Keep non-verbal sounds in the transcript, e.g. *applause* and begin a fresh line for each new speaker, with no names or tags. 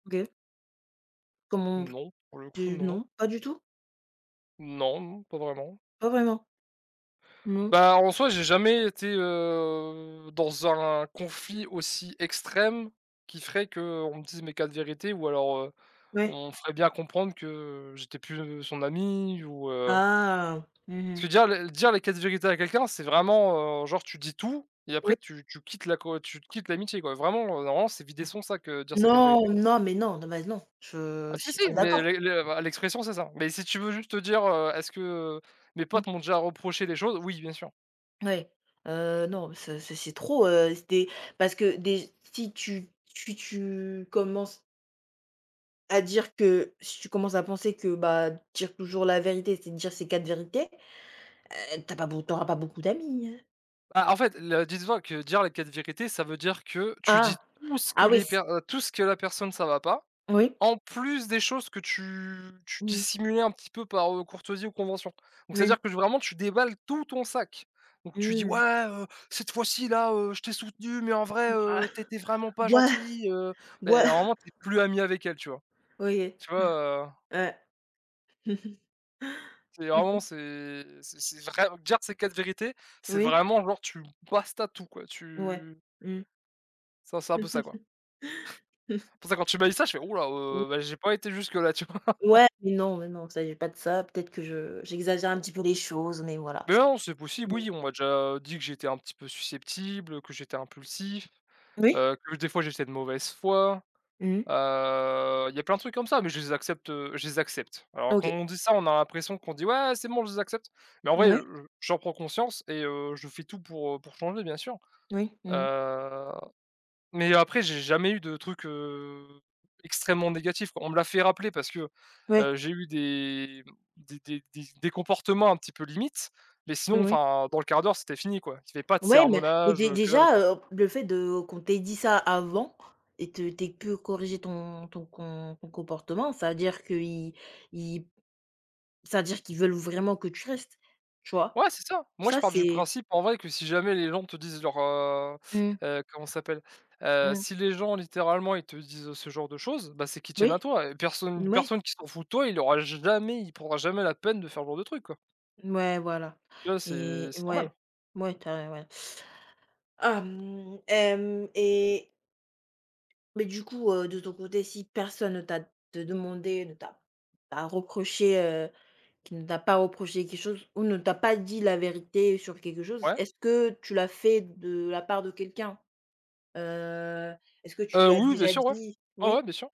OK. Comment
Non, pour le coup,
tu
non.
non. Pas du tout?
Non m pas vraiment.
Pas vraiment? Non.
Bah en soi, j'ai jamais été, heu, dans un conflit aussi extrême qui ferait qu'on me dise mes 4 vérités ou alors, heu,
Ouais.
on me ferait bien comprendre que j'étais plus son ami ou heu
Ah. Mmh
Tu veux
mh.
dire les dire les 4 vérités à quelqu'un, c'est vraiment, heu, genre tu dis tout et
Oui.
après tu tu quittes la co tu quittes l'amitié quoi, vraiment, heu, normalement, c'est vider son sac, heu, dire ses 4
Non,
vérités.
non, mais non, non mais non. Je
Ah
je
si,
suis pas
si, mais
d'accord.
l' l' la l'expression c'est ça, mais si tu veux juste dire heu: «Est-ce que mes
Mmh.
potes m'ont déjà reproché des choses?» Oui bien sûr.
Oui. Heu non, ce ce c'est trop, heu. Si tu es, parce déj si tu tu tu commences à dire que si tu commences à penser que, bah, dire toujours la vérité, c'est de dire ces 4 vérités, heu, tu as pas beauco tu auras beaucoup d'amis, hein.
Bah en fait le dis toi que dire les 4 vérités ça veut dire que tu
Ah!
dis tout ce que
Ah oui
les per
c'
heu, tout ce que la personne ça va pas,
Oui.
en plus des choses que tu tu
Mmh.
dissimulais un petit peu par, heu, courtoisie ou convention. Donc
Oui.
c'est-à-dire que vraiment tu déballes tout ton sac. Donc tu dis:
Mmh.
«Ouais, heu, cette fois-ci, là, heu, je t'ai soutenu mais en
Hourra!
vrai, heu, tu étais
*chuckles*
vraiment pas
Ouah!
gentil, heu». Ben
Ouah!
normalement, tu es plus ami avec elle, tu vois?
OK.
Tu vois? Heu.
*chuckles* Ouais.
C'est vraiment c'est c'est c'est vrai dire ses 4 vérités, c'est
Oui.
vraiment genre tu basta tout, quoi,
Ouais.
tu
Mmh.
Ça, c'est un peu ça, quoi.
*laughs*
*chuckles* Pour ça quand tu m'as dit ça, je fais: «Houlà,
Mmh.
heu, ben j'ai pas été jusque-là,» tu vois? *chuckles*
Ouais. Mais non, mais non, il s'agit pas de ça. Peut-être que je j'exagère un petit peu les choses, mais voilà.
Beh non, c'est possible,
Mmh.
oui, on m'a déjà dit que j'étais un petit peu susceptible, que j'étais impulsif,
Oui.
heu, que des fois, j'étais de mauvaise foi,
Mmh mh.
heu, il y a plein de trucs comme ça, mais je les accepte, heu, je les accepte. Alors
Ah
quand
OK.
on dit ça, on a l'impression qu'on dit: «Ouais, c'est bon, je les accepte». Mais en vrai,
Mouais.
heu, je j'en prends conscience et heu, je fais tout pour, heu, pour changer, bien sûr,
Oui. Mmh mh.
heu. Mais après, j'ai jamais eu de trucs, heu, extrêmement négatifs. On me l'a fait rappeler parce que,
Ouais.
heu, j'ai eu des, mmh, des des des des comportements un petit peu limite, mais sinon,
Oui.
enfin, dans le 1/4 d'heure, c'était fini quoi. C'était pas de
Ouais, mais mais
sermonages,
dé
que dalle,
déjà,
quoi.
heu, le fait de qu'on t'ait dit ça avant et te t'aies peu corriger ton ton com ton comportement, c'est-à-dire qu'ils ils c'est-à-dire qu'ils veulent vraiment que tu restes, tu vois?
Ouais, c'est ça. Moi je
Ça
pars du
c'est
principe, en vrai, que si jamais les gens te disent leur, heu
Mmh.
heu, comment ça s'appelle? Heu,
Mmh.
si les gens, littéralement, ils te disent ce genre de choses, bah c'est qu'ils tiennent à
Moui.
toi et personne une
Mouais.
personne qui s'en fout de toi, il aura jamais il prendra jamais la peine de faire ce genre de truc, quoi.
Mouais, voilà.
Tu vois? C'est
Et
c'est normal.
ouais, mouais tu as ouais. Ah mmh. Hem, et Mais du coup, heu, de ton côté, si personne ne t'a de demandé ne t'a t'a reproché, heu qui ne t'a pas reproché quelque chose ou ne t'a pas dit la vérité sur quelque chose,
Ouais.
est-ce que tu l'as fait de la part de quelqu'un? Heu, est-ce que tu
Heu,
lui as
oui, oui, bien
déjà
sûr, ouais.
dit
Ouais, ouais,
oui?
bien sûr.